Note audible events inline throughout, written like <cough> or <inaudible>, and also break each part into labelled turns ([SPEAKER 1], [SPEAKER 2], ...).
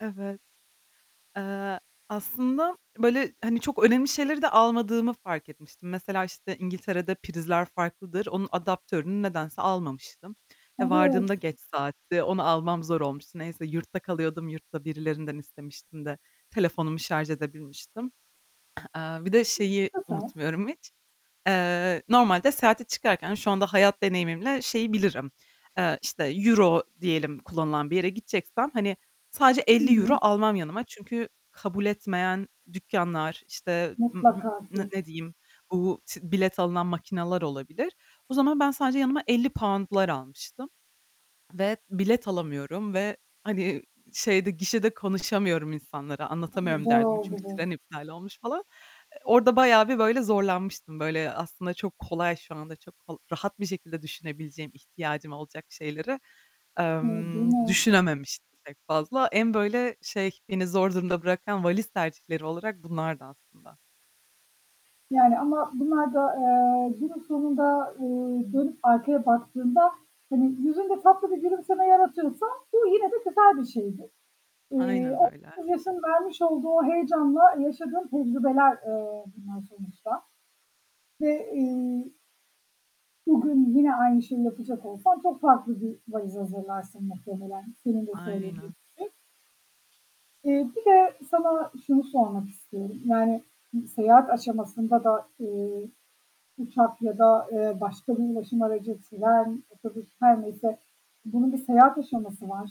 [SPEAKER 1] Evet. Eee, aslında böyle, hani, çok önemli şeyleri de almadığımı fark etmiştim. Mesela, işte, İngiltere'de prizler farklıdır. Onun adaptörünü nedense almamıştım. E,
[SPEAKER 2] Evet.
[SPEAKER 1] vardığımda geç saatti. Onu almam zor olmuştu. Neyse, yurtta kalıyordum, yurtta birilerinden istemiştim de telefonumu şarj edebilmiştim. <clears throat> Eee, bir de şeyi
[SPEAKER 2] <unintelligible>
[SPEAKER 1] unutmuyorum hiç, eee, normalde seyahate çıkarken şu anda hayat deneyimimle şeyi bilirim, eee, işte, euro diyelim kullanılan bir yere gideceksem, hani, sadece
[SPEAKER 2] Hı
[SPEAKER 1] €50
[SPEAKER 2] hı.
[SPEAKER 1] almam yanıma çünkü kabul etmeyen dükkânlar, işte, ım hı
[SPEAKER 2] Mutlaka
[SPEAKER 1] n
[SPEAKER 2] ki
[SPEAKER 1] ne diyeyim, bu t bilet alınan makineler olabilir. O zaman, ben sadece yanıma £50'lar almıştım ve bilet alamıyorum ve hani, şeyde, gişede konuşamıyorum insanlara,
[SPEAKER 2] Hımm.
[SPEAKER 1] anlatamıyorum
[SPEAKER 2] Zor
[SPEAKER 1] derdimi.
[SPEAKER 2] oldu
[SPEAKER 1] Çünkü
[SPEAKER 2] bu.
[SPEAKER 1] tren iptal olmuş falan. E orada bayağı bir böyle zorlanmıştım, böyle, aslında çok kolay, şu anda çok rahat bir şekilde düşünebileceğim, ihtiyacım olacak şeyleri,
[SPEAKER 2] Hı, değil
[SPEAKER 1] emm,
[SPEAKER 2] mi?
[SPEAKER 1] düşünememiştim pek fazla. En böyle, şey, beni zor durumda bırakan valiz tercihleri olarak bunlardı aslında.
[SPEAKER 2] Yani, ama bunlar da, eee, günün sonunda, ııı, dönüp arkaya baktığında, hani, yüzünde tatlı bir gülümseme yaratıyorsa, bu yine de güzel bir şeydir. Iıı,
[SPEAKER 1] Aynen
[SPEAKER 2] o,
[SPEAKER 1] öyle.
[SPEAKER 2] <unintelligible> yaşın vermiş olduğu o heyecanla yaşadığın tecrübeler, eee, bunlar sonuçta ve, ııı, bugün yine aynı şeyi yapacak olsan, çok farklı bir valiz hazırlarsın muhtemelen, senin de söylediğin
[SPEAKER 1] Aynen.
[SPEAKER 2] gibi. Eee, bir de sana şunu sormak istiyorum. Yani, seyahat aşamasında da, eee, uçak ya da, eee, başka bir ulaşım aracı, tren, otobüs, her neyse, bunun bir seyahat aşaması var.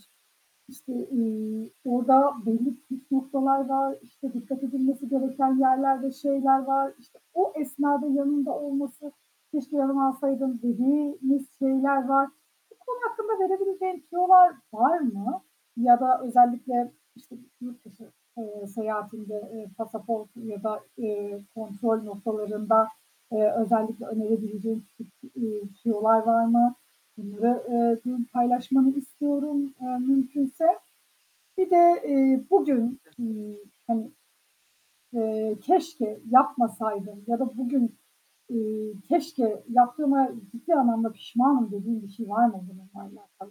[SPEAKER 2] İşte, ııı, orada belli püf noktalar var. İşte, dikkat edilmesi gereken yerler ve şeyler var. İşte, o esnada yanında olması, "Keşke yanıma alsaydım." dediğimiz şeyler var. Bu konu hakkında verebileceğin tüyolar var mı ya da özellikle işte yurt dışı, eee, seyahatinde, ııı, pasaportun ya da, ııı, kontrol noktalarında, eee, özellikle önerebileceğin, küçük, eee, tüyolar var mı? Bunları, eee, bugün paylaşmanı istiyorum, eee, mümkünse. Bir de, eee, bugün,
[SPEAKER 1] <unintelligible>
[SPEAKER 2] ııı, hani, eee, "Keşke yapmasaydım." ya da "Bugün, ııı, keşke yaptığıma ciddi anlamda pişmanım." dediğin bir şey var mı bununla alakalı?